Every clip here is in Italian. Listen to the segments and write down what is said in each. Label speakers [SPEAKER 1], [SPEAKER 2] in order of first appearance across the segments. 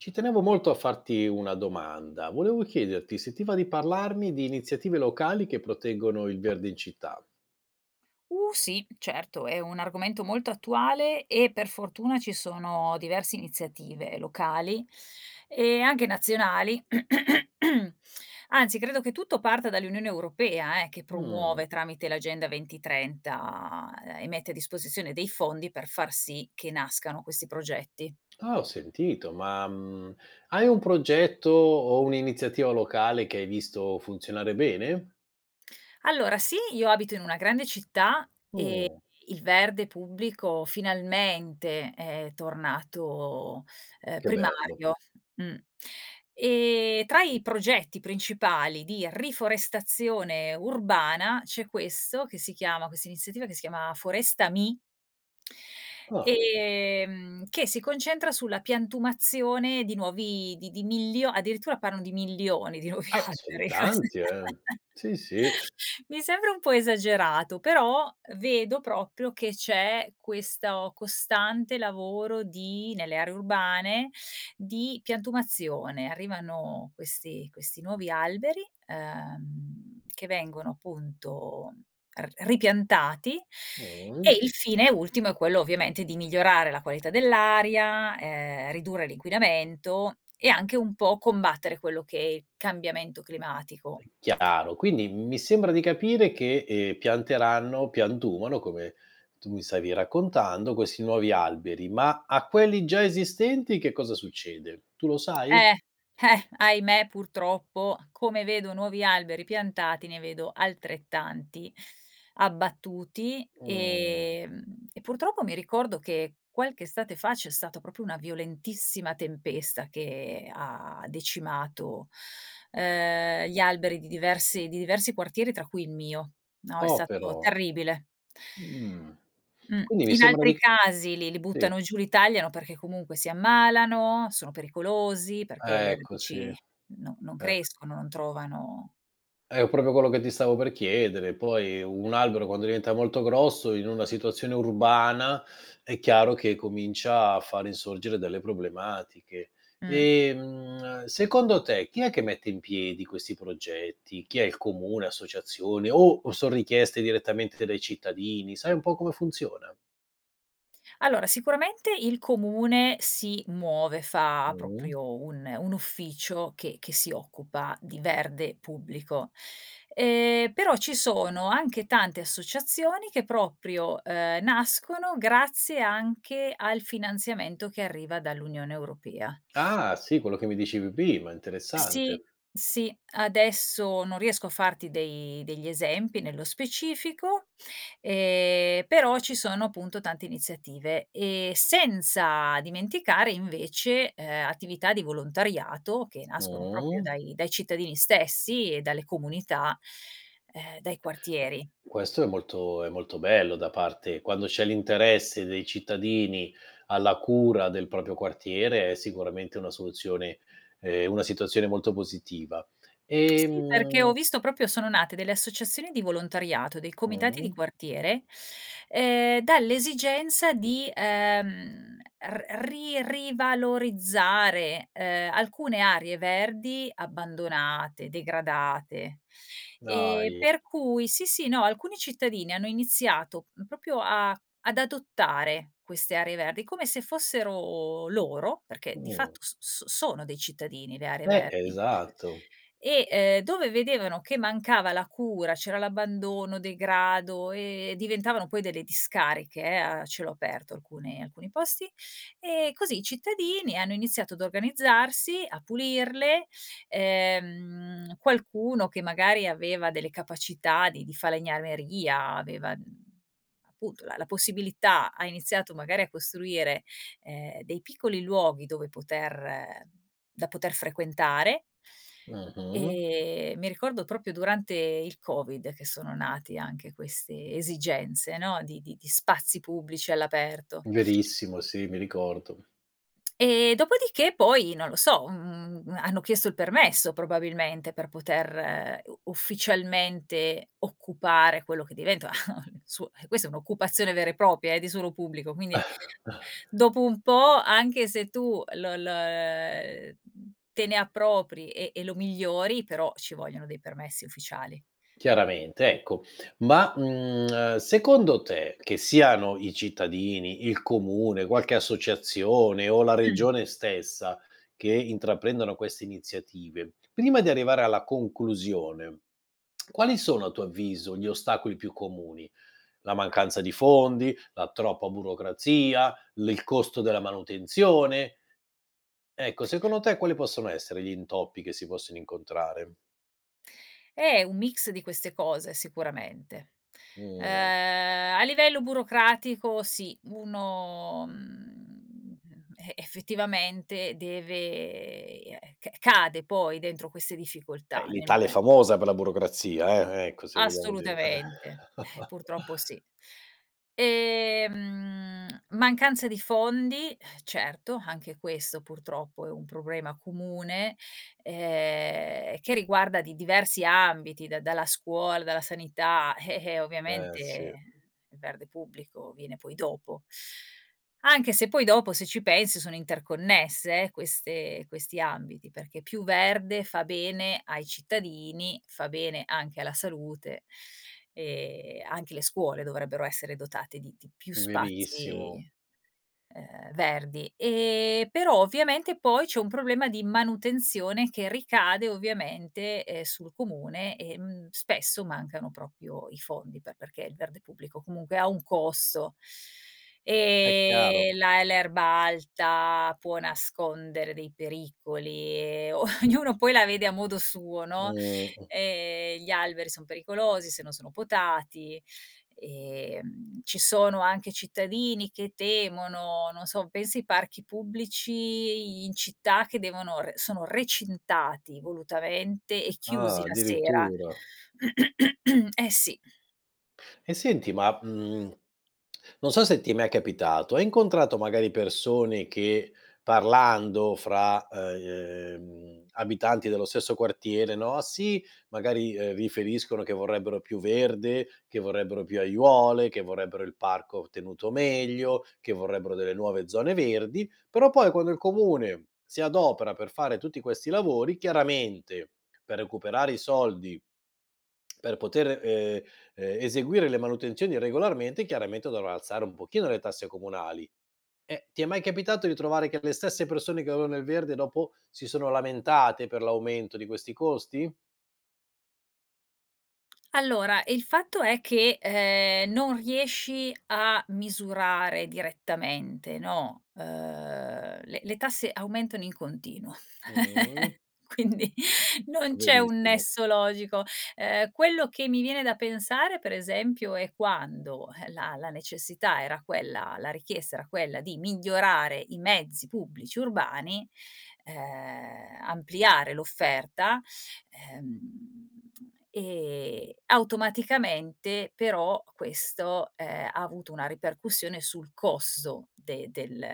[SPEAKER 1] Ci tenevo molto a farti una domanda. Volevo chiederti, se ti va, di parlarmi di iniziative locali che proteggono il verde in città.
[SPEAKER 2] Uh, sì, certo, è un argomento molto attuale e per fortuna ci sono diverse iniziative locali, e anche nazionali, anzi credo che tutto parta dall'Unione Europea, eh, che
[SPEAKER 1] Mh.
[SPEAKER 2] promuove tramite l'agenda 2030 e mette a disposizione dei fondi per far sì che nascano questi progetti.
[SPEAKER 1] Ah, ho sentito ma, mhmm, hai un progetto o un'iniziativa locale che hai visto funzionare bene?
[SPEAKER 2] Allora sì, io abito in una grande città e
[SPEAKER 1] Mh.
[SPEAKER 2] il verde pubblico finalmente è tornato, ehm,
[SPEAKER 1] Che bello.
[SPEAKER 2] primario mh. E tra i progetti principali di riforestazione urbana c'è questo che si chiama questa iniziativa che si chiama Forestami
[SPEAKER 1] Ah.
[SPEAKER 2] ehm, che si concentra sulla piantumazione di nuovi di di milio addirittura parlano di milioni di nuovi
[SPEAKER 1] Ah sono
[SPEAKER 2] alberi.
[SPEAKER 1] tanti eh, sì, sì.
[SPEAKER 2] Mi sembra un po' esagerato, però vedo proprio che c'è questo costante lavoro di nelle aree urbane, di piantumazione. Arrivano questi questi nuovi alberi, ehm, che vengono appunto r ripiantati
[SPEAKER 1] Mh.
[SPEAKER 2] e il fine ultimo è quello ovviamente di migliorare la qualità dell'aria, ehm, ridurre l'inquinamento e anche un po' combattere quello che è il cambiamento climatico.
[SPEAKER 1] [unintelligible] Chiaro, quindi mi sembra di capire che, ehm, pianteranno piantumano, come tu mi stavi raccontando, questi nuovi alberi. Ma a quelli già esistenti che cosa succede? Tu lo sai?
[SPEAKER 2] Eh, eh, ahimè purtroppo, come vedo nuovi alberi piantati, ne vedo altrettanti abbattuti,
[SPEAKER 1] Mh.
[SPEAKER 2] ehm, e purtroppo mi ricordo che qualche estate fa c'è stata proprio una violentissima tempesta che ha decimato, ehm, gli alberi di diversi di diversi quartieri tra cui il mio, no, è
[SPEAKER 1] Oh
[SPEAKER 2] stato
[SPEAKER 1] però.
[SPEAKER 2] terribile.
[SPEAKER 1] Mh.
[SPEAKER 2] Mh.
[SPEAKER 1] Quindi mi
[SPEAKER 2] In
[SPEAKER 1] sembra
[SPEAKER 2] altri
[SPEAKER 1] di c
[SPEAKER 2] casi li li
[SPEAKER 1] sì.
[SPEAKER 2] buttano giù, li tagliano, perché comunque si ammalano, sono pericolosi, perché le
[SPEAKER 1] Ecco sì,
[SPEAKER 2] radici
[SPEAKER 1] eh.
[SPEAKER 2] no non crescono, non trovano
[SPEAKER 1] È proprio quello che ti stavo per chiedere, poi un albero quando diventa molto grosso, in una situazione urbana, è chiaro che comincia a fare insorgere delle problematiche.
[SPEAKER 2] Mh.
[SPEAKER 1] Ehm, secondo te chi è che mette in piedi questi progetti? Chi è? Il comune, associazione o o son richieste direttamente dai cittadini? Sai un po' come funziona?
[SPEAKER 2] Allora, sicuramente il comune si muove, fa
[SPEAKER 1] Mh-mh.
[SPEAKER 2] proprio un un ufficio che che si occupa di verde pubblico. Ehm, però ci sono anche tante associazioni che proprio, ehm, nascono grazie anche al finanziamento che arriva dall'Unione Europea.
[SPEAKER 1] Ah sì, quello che mi dicevi prima,
[SPEAKER 2] Sì,
[SPEAKER 1] interessante.
[SPEAKER 2] sì, adesso non riesco a farti dei degli esempi nello specifico, ehm, però ci sono appunto tante iniziative. Ehm, senza dimenticare invece, ehm, attività di volontariato che nascono proprio
[SPEAKER 1] Mh.
[SPEAKER 2] dai dai cittadini stessi e dalle comunità, ehm, dai
[SPEAKER 1] Beh,
[SPEAKER 2] quartieri.
[SPEAKER 1] questo è molto è molto bello da parte quando c'è l'interesse dei cittadini alla cura del proprio quartiere è sicuramente una soluzione ehm, una situazione molto positiva,
[SPEAKER 2] Sì, perché ho
[SPEAKER 1] ehm
[SPEAKER 2] visto proprio sono nate delle associazioni di volontariato, dei comitati di
[SPEAKER 1] Mh-mh.
[SPEAKER 2] quartiere, ehm, dall'esigenza di, ehm, r ri rivalorizzare, ehm, alcune aree verdi abbandonate, degradate. Ehm,
[SPEAKER 1] Dai.
[SPEAKER 2] per cui sì, sì, no, alcuni cittadini hanno iniziato proprio a ad adottare queste aree verdi come se fossero loro, perché di
[SPEAKER 1] Mh.
[SPEAKER 2] fatto s s sono dei cittadini le aree
[SPEAKER 1] Beh, è
[SPEAKER 2] verdi
[SPEAKER 1] esatto.
[SPEAKER 2] e, ehm, dove vedevano che mancava la cura, c'era l'abbandono, degrado e diventavano poi delle discariche, eh, a cielo aperto alcune alcuni posti. E così i cittadini hanno iniziato ad organizzarsi, a pulirle. Ehm, qualcuno che magari aveva delle capacità di di falegnameria, aveva, mhmm, appunto la la possibilità, ha iniziato magari a costruire, ehm, dei piccoli luoghi dove poter da poter frequentare
[SPEAKER 1] Mh-mh.
[SPEAKER 2] ehm, mi ricordo proprio durante il covid che sono nate anche queste esigenze, no, di di di spazi pubblici all'aperto
[SPEAKER 1] Verissimo, sì, mi ricordo.
[SPEAKER 2] ehm, dopodiché poi, non lo so, mhmm, hanno chiesto il permesso probabilmente per poter u ufficialmente occupare quello che diventa suo questa è un'occupazione vera e propria, eh, di suolo pubblico, quindi dopo un po' anche se tu l l ehm, te ne appropri e e lo migliori però ci vogliono dei permessi ufficiali.
[SPEAKER 1] Chiaramente, ecco. Ma, mhmm, secondo te, che siano i cittadini, il comune, qualche associazione o la
[SPEAKER 2] Mh.
[SPEAKER 1] regione stessa, che intraprendono queste iniziative, prima di arrivare alla conclusione, quali sono, a tuo avviso, gli ostacoli più comuni? La mancanza di fondi, la troppa burocrazia, l il costo della manutenzione. Ecco, secondo te quali possono essere gli intoppi che si possono incontrare?
[SPEAKER 2] Eh, è un mix di queste cose, sicuramente. Uhm,
[SPEAKER 1] Mh.
[SPEAKER 2] a livello burocratico, sì. uno, mhmm, e effettivamente deve eh, c cade poi, dentro queste
[SPEAKER 1] Eh,
[SPEAKER 2] difficoltà, nel
[SPEAKER 1] l'Italia è
[SPEAKER 2] mome
[SPEAKER 1] famosa per la burocrazia, eh, ecco se vogliamo dirla
[SPEAKER 2] Assolutamente, eh, purtroppo sì, ehm, mancanza di fondi, eh, certo. Anche questo purtroppo è un problema comune, ehm, che riguarda di diversi ambiti, da dalla scuola, dalla sanità, eh-eh,
[SPEAKER 1] Eh, sì.
[SPEAKER 2] ovviamente il verde pubblico viene poi dopo, anche se poi dopo, se ci pensi, sono interconnesse, eh, queste questi ambiti, perché più verde fa bene ai cittadini, fa bene anche alla salute e anche le scuole dovrebbero essere dotate di di più
[SPEAKER 1] Verissimo.
[SPEAKER 2] spazi, ehm, verdi. Eh, però ovviamente poi c'è un problema di manutenzione che ricade ovviamente, eh, sul comune, ehm, spesso mancano proprio i fondi, pe perché il verde pubblico comunque ha un costo,
[SPEAKER 1] Eh,
[SPEAKER 2] ehm,
[SPEAKER 1] chiaro.
[SPEAKER 2] la l'erba alta può nascondere dei pericoli e ognuno poi la vede a modo suo, no.
[SPEAKER 1] Mh, mh.
[SPEAKER 2] Ehm, gli alberi son pericolosi se non sono potati e ci sono anche cittadini che temono non so, penso ai parchi pubblici in città che devono re sono recintati volutamente e
[SPEAKER 1] Ah,
[SPEAKER 2] chiusi la sera.
[SPEAKER 1] addirittura.
[SPEAKER 2] Eh sì.
[SPEAKER 1] E senti, ma, mhmm, non so se ti è mai capitato. Hai incontrato magari persone che, parlando fra, uhm, abitanti dello stesso quartiere, no, sì, magari, uhm, riferiscono che vorrebbero più verde, che vorrebbero più aiuole, che vorrebbero il parco tenuto meglio, che vorrebbero delle nuove zone verdi, però poi quando il comune si adopera per fare tutti questi lavori, chiaramente, per recuperare i soldi per poter, uhm, ehm, eseguire le manutenzioni regolarmente, chiaramente dovrà alzare un pochino le tasse comunali. Eh, ti è mai capitato di trovare che le stesse persone che volevano il verde dopo si sono lamentate per l'aumento di questi costi?
[SPEAKER 2] Allora, il fatto è che, ehm, non riesci a misurare direttamente, no. Uhm, le le tasse aumentano in continuo,
[SPEAKER 1] Mh-mh.
[SPEAKER 2] quindi non c'è un
[SPEAKER 1] Verissimo.
[SPEAKER 2] nesso logico. Ehm, quello che mi viene da pensare, pre esempio, è quando, eh, la la necessità era quella la richiesta era quella di migliorare i mezzi pubblici urbani, ehm, ampliare l'offerta, ehm, e automaticamente però questo, ehm, ha avuto una ripercussione sul costo de del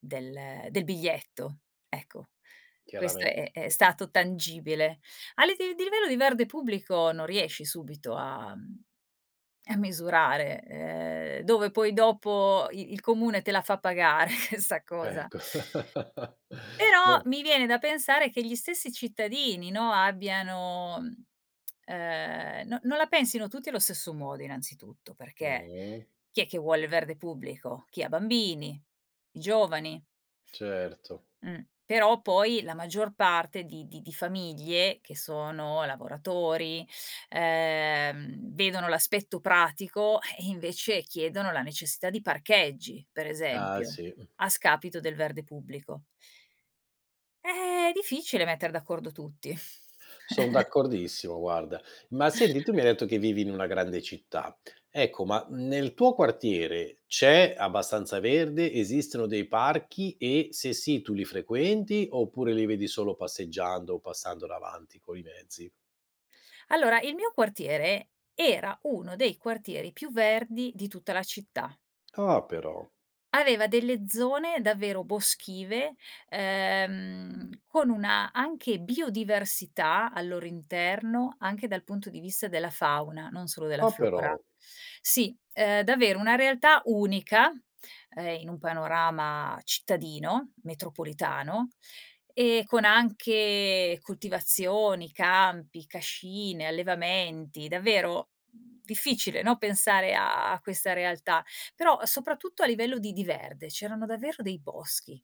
[SPEAKER 2] del del biglietto, ecco, questo
[SPEAKER 1] Chiaramente.
[SPEAKER 2] è è stato tangibile. A liv di livello di verde pubblico non riesci subito a a misurare, ehm, dove poi dopo i il comune te la fa pagare sta cosa.
[SPEAKER 1] Ecco. Ma
[SPEAKER 2] Però mi viene da pensare che gli stessi cittadini, no, abbiano, mhmm, ehm, no non la pensino tutti allo stesso modo, innanzitutto. Perché,
[SPEAKER 1] Mh-mh.
[SPEAKER 2] chi è che vuole il verde pubblico? Chi ha bambini, i giovani.
[SPEAKER 1] Certo.
[SPEAKER 2] Mh, però poi la maggior parte di di di famiglie che sono lavoratori, ehm, vedono l'aspetto pratico e e invece chiedono la necessità di parcheggi, pre
[SPEAKER 1] Ah,
[SPEAKER 2] esempio
[SPEAKER 1] sì, mh.
[SPEAKER 2] a scapito del verde pubblico. Eh è difficile metter d'accordo tutti.
[SPEAKER 1] Son d'accordissimo, guarda. Ma senti, tu mi hai detto che vivi in una grande città. Ecco, ma nel tuo quartiere c'è abbastanza verde? Esistono dei parchi e, se sì, tu li frequenti oppure li vedi solo passeggiando, passando davanti coi mezzi?
[SPEAKER 2] Allora, il mio quartiere era uno dei quartieri più verdi di tutta la città.
[SPEAKER 1] Ah, però.
[SPEAKER 2] Aveva delle zone davvero boschive, ehm, con una, anche biodiversità al loro interno, anche dal punto di vista della fauna, non solo della
[SPEAKER 1] Ah,
[SPEAKER 2] flora.
[SPEAKER 1] però.
[SPEAKER 2] Sì, ehm, davvero una realtà unica, ehm, in un panorama cittadino, metropolitano, e con anche coltivazioni, campi, cascine, allevamenti, davvero difficile, no, pensare a questa realtà, però soprattutto a livello di di verde, c'erano davvero dei boschi.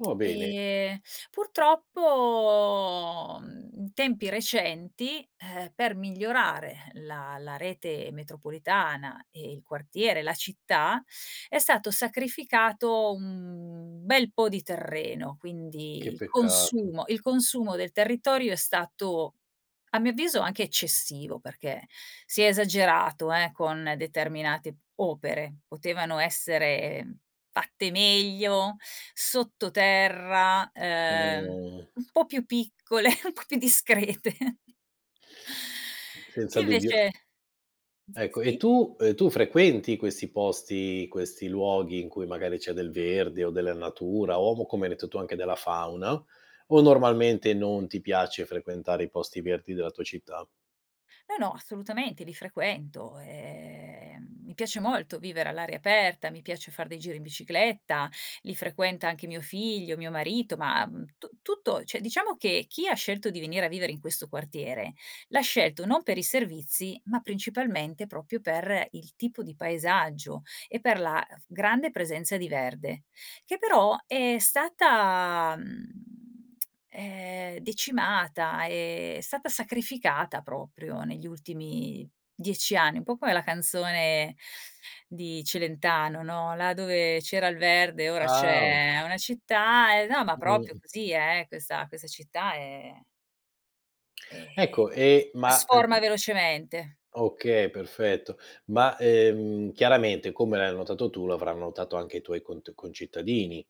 [SPEAKER 1] Oh, bene.
[SPEAKER 2] Ehm, purtroppo, mhmm, in tempi recenti, eh, per migliorare la la rete metropolitana e il quartiere, la città, è stato sacrificato un bel po' di terreno,
[SPEAKER 1] Che
[SPEAKER 2] quindi il
[SPEAKER 1] peccato.
[SPEAKER 2] consumo il consumo del territorio è stato, a mio avviso, anche eccessivo, perché si è esagerato, eh, con determinate opere. Potevano essere fatte meglio, sottoterra, ehm,
[SPEAKER 1] Mh.
[SPEAKER 2] un po' più piccole, un po' più discrete e
[SPEAKER 1] Senza dubbio.
[SPEAKER 2] invece,
[SPEAKER 1] Ecco, e
[SPEAKER 2] s-sì.
[SPEAKER 1] tu, uhm, tu frequenti questi posti, questi luoghi in cui magari c'è del verde o della natura o, co come hai detto tu, anche della fauna, o normalmente non ti piace frequentare i posti verdi della tua città?
[SPEAKER 2] No, no, assolutamente, li frequento, e, ehm, mi piace molto vivere all'aria aperta, mi piace far dei giri in bicicletta, li frequenta anche mio figlio, mio marito, ma tu tutto cioè, diciamo che chi ha scelto di venire a vivere in questo quartiere l'ha scelto non per i servizi, ma principalmente proprio per il tipo di paesaggio e per la grande presenza di verde, che però è stata, mhmm, ehm, decimata, ehm, è stata sacrificata proprio negli ultimi 10 anni, un po' come la canzone di Celentano, no: "Là dove c'era il verde ora
[SPEAKER 1] Ah, o
[SPEAKER 2] c'è una città", e no, ma proprio
[SPEAKER 1] Mh-mh.
[SPEAKER 2] così eh, questa questa città è ehm,
[SPEAKER 1] Ecco,
[SPEAKER 2] si
[SPEAKER 1] ehm, ma,
[SPEAKER 2] trasforma
[SPEAKER 1] uhm
[SPEAKER 2] velocemente.
[SPEAKER 1] Okay, perfetto, ma, ehm, chiaramente come l'hai notato tu l'avranno notato anche i tuoi cont concittadini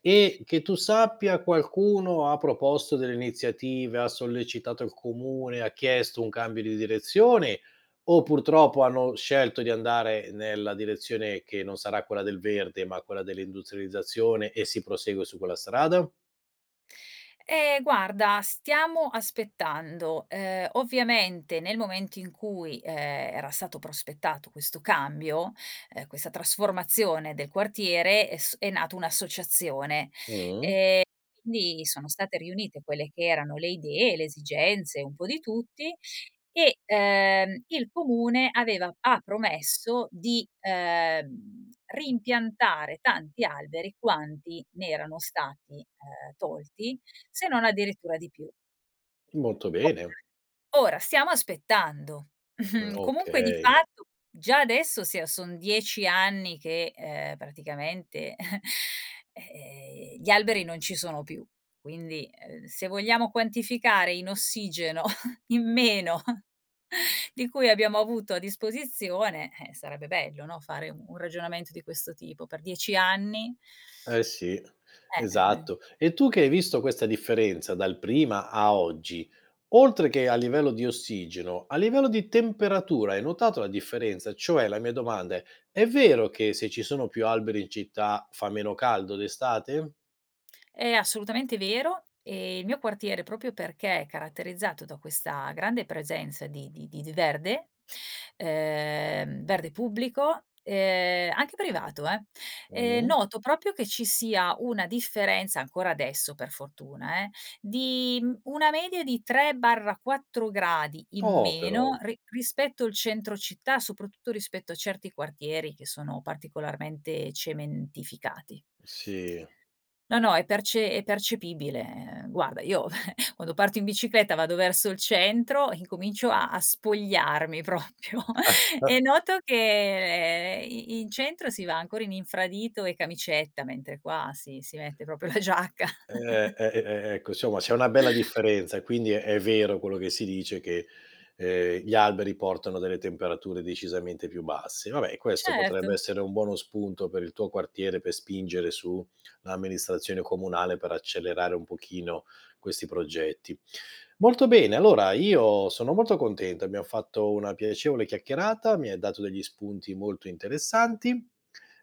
[SPEAKER 1] e, che tu sappia, qualcuno ha proposto delle iniziative? Ha sollecitato il comune? Ha chiesto un cambio di direzione o purtroppo hanno scelto di andare nella direzione che non sarà quella del verde, ma quella dell'industrializzazione, e si prosegue su quella strada?
[SPEAKER 2] Eh, guarda stiamo aspettando, uhm, ovviamente nel momento in cui, ehm, era stato prospettato questo cambio, ehm, questa trasformazione del quartiere è s è nata un'associazione
[SPEAKER 1] Mh.
[SPEAKER 2] e quindi sono state riunite quelle che erano le idee, le esigenze, un po' di tutti e, uhm, il comune aveva ha promesso di, uhm, reimpiantare tanti alberi quanti ne erano stati, uhm, tolti se non addirittura di più.
[SPEAKER 1] Molto bene.
[SPEAKER 2] Okay, ora stiamo aspettando. Mhmm, comunque di
[SPEAKER 1] Okay.
[SPEAKER 2] fatto già adesso sia son 10 anni che, uhm, praticamente, eh, ehm, gli alberi non ci sono più quindi, ehm, se vogliamo quantificare in ossigeno in meno di cui abbiamo avuto a disposizione, eh, sarebbe bello no, fare un ragionamento di questo tipo, per 10 anni
[SPEAKER 1] Eh sì,
[SPEAKER 2] Eh, uhm
[SPEAKER 1] esatto, e tu che hai visto questa differenza dal prima a oggi, oltre che a livello di ossigeno, a livello di temperatura hai notato la differenza? Cioè, la mia domanda è: è vero che se ci sono più alberi in città, fa meno caldo d'estate?
[SPEAKER 2] È assolutamente vero e il mio quartiere, proprio perché è caratterizzato da questa grande presenza di di di d verde, ehm, verde pubblico, ehm, anche privato eh,
[SPEAKER 1] Mh.
[SPEAKER 2] noto proprio che ci sia una differenza ancora adesso per fortuna, ehm, di, mhmm, una media di 3/4 gradi in
[SPEAKER 1] Oh, però.
[SPEAKER 2] meno ri rispetto al centro città, soprattutto rispetto a certi quartieri che sono particolarmente cementificati.
[SPEAKER 1] Sì.
[SPEAKER 2] No, no, è perce è percepibile guarda, io quando parto in bicicletta, vado verso il centro, incomincio a a spogliarmi proprio e noto che i in centro si va ancora in infradito e camicetta, mentre qua si si mette proprio la giacca.
[SPEAKER 1] Eh e e ecco, insomma c'è una bella differenza e quindi è vero quello che si dice che, ehm, gli alberi portano delle temperature decisamente più basse. Vabbè, questo
[SPEAKER 2] Certo.
[SPEAKER 1] potrebbe essere un buono spunto per il tuo quartiere, per spingere su l'amministrazione comunale, per accelerare un pochino questi progetti. Molto bene, allora io sono molto contento. Abbiam fatto una piacevole chiacchierata. Mi hai dato degli spunti molto interessanti,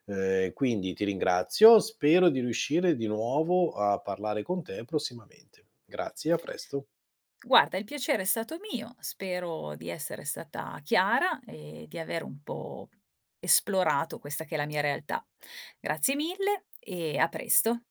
[SPEAKER 1] ehm, quindi ti ringrazio, spero di riuscire di nuovo a parlare con te prossimamente. Grazie, a presto.
[SPEAKER 2] Guarda, il piacere è stato mio, spero di essere stata chiara e di avere un po' esplorato questa che è la mia realtà. Grazie mille e a presto.